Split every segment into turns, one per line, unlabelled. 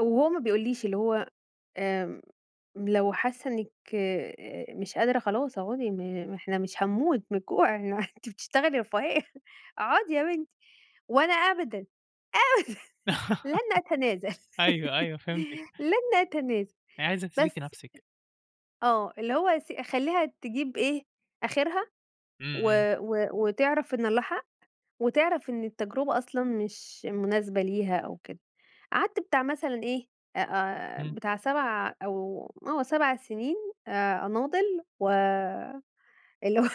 أو هو ما بيقوليش اللي هو آمم، لو حاسة إنِّك آآ، مش قادرة خلاص أقعدي إحنا مش هنموت من الجوع، أنتِ بتشتغلي رفاهية، أقعدي يا بنتي، وأنا أبدًا، أبدًا لن أتنازل،
أيوه، أيوه فهمتِك.
لن أتنازل،
يعني عايزة تثبتي
بس،
نفسِك.
آه اللي هو أس أخليها تجيب إيه، آخرها
إمم،
و
إمم.
و وتعرف إن الله حق، وتعرف إن التجربة أصلًا مش مناسبة ليها أو كده، قعدت بتاع مثلًا إيه آآ،
إمم.
بتاع 7 أو آه 7 سنين آآ، أناضل، و اللي هو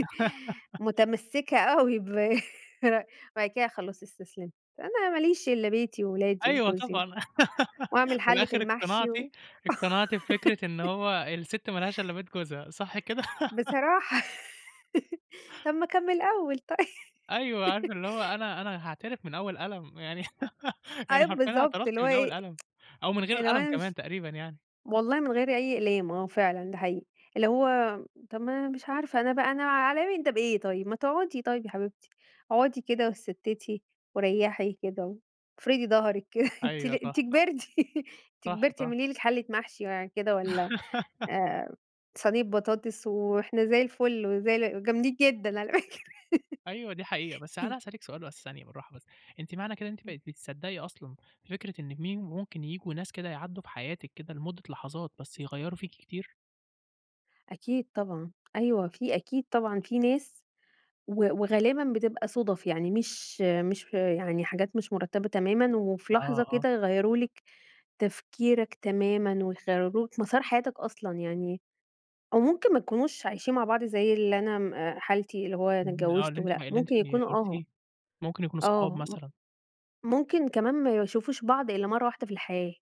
متمسكة أوي برأيي، بعد كده خلاص استسلمت، أنا ما ليش إلَّا بيتي وولادي
أيوه
وجوزي،
طبعًا،
وأعمل
وفي
حلِّة
الآخر
المحشي
اقتنعتِ
و
اقتنعتِ بفكرة إن هو السِتّ ما لهاش إلّا بيت جوزها، صح كده؟
بصراحة، طَب ما كان من الأول طيب.
أيوه، عارفة اللي هو أنا أنا هاعترف من أول قلم يعني، يعني
أيوه،
حرفيًا
بالضبط اللي
اعترفتِ
هو
من أول
إيه
قلم، أو من غير
اللي هو
القلم
أنا
كمان
مش
تقريبًا يعني.
والله من غير أي أقلام، آه فعلًا ده حقيقي اللي هو طَب ما أنا مش عارفة أنا بقى أنا عليَّ من ده بإيه طيب؟ ما تقعدي طيب يا حبيبتي، اقعدي كده واتستِّتي وريّحي كده، وافردي ضهرِك كده أنتِ
أيوة
لي أنتِ
صح، صح،
كبرتِ، أنتِ
صح،
كبرتِ
صح.
اعملي لِك حلة محشي يعني كده والَّا آآ، صينية بطاطس وإحنا زي الفل وزي ال جامدين جدًا على فكرة.
أيوه، دي حقيقة، بس أنا عايز أسألِك سؤال بس ثانية بالراحة بس، أنتِ معنى كده ان أنت
إمم.
بقيتِ بتصدّقي أصلًا فكرة إن مين ممكن ييجوا ناس كده يعدّوا في حياتِك كده، لمدة لحظات بس يغيَّروا فيكِ كتير؟
أكيد طبعًا، أيوه، في أكيد طبعًا في ناس و وغالبًا بتبقى صُدَف، يعني مش مش يعني حاجات مش مرتّبة تمامًا، وفي
آه،
لحظة
آه.
كده يغيروا لِك تفكيرك تمامًا ويغيروا لك مسار حياتك أصلًا يعني، أو ممكن ما يكونوش عايشين مع بعض زي اللي أنا حالتي اللي هو أنا
اهم،
اتجوّزت
اللي أنتِ
ولأ،
اللي أنتِ
ممكن يكونوا آه،
قُلتيه، ممكن يكونوا صحاب
آه مم
مثلًا.
ممكن كمان ما يشوفوش بعض إلّا مرّه واحدة في الحياة.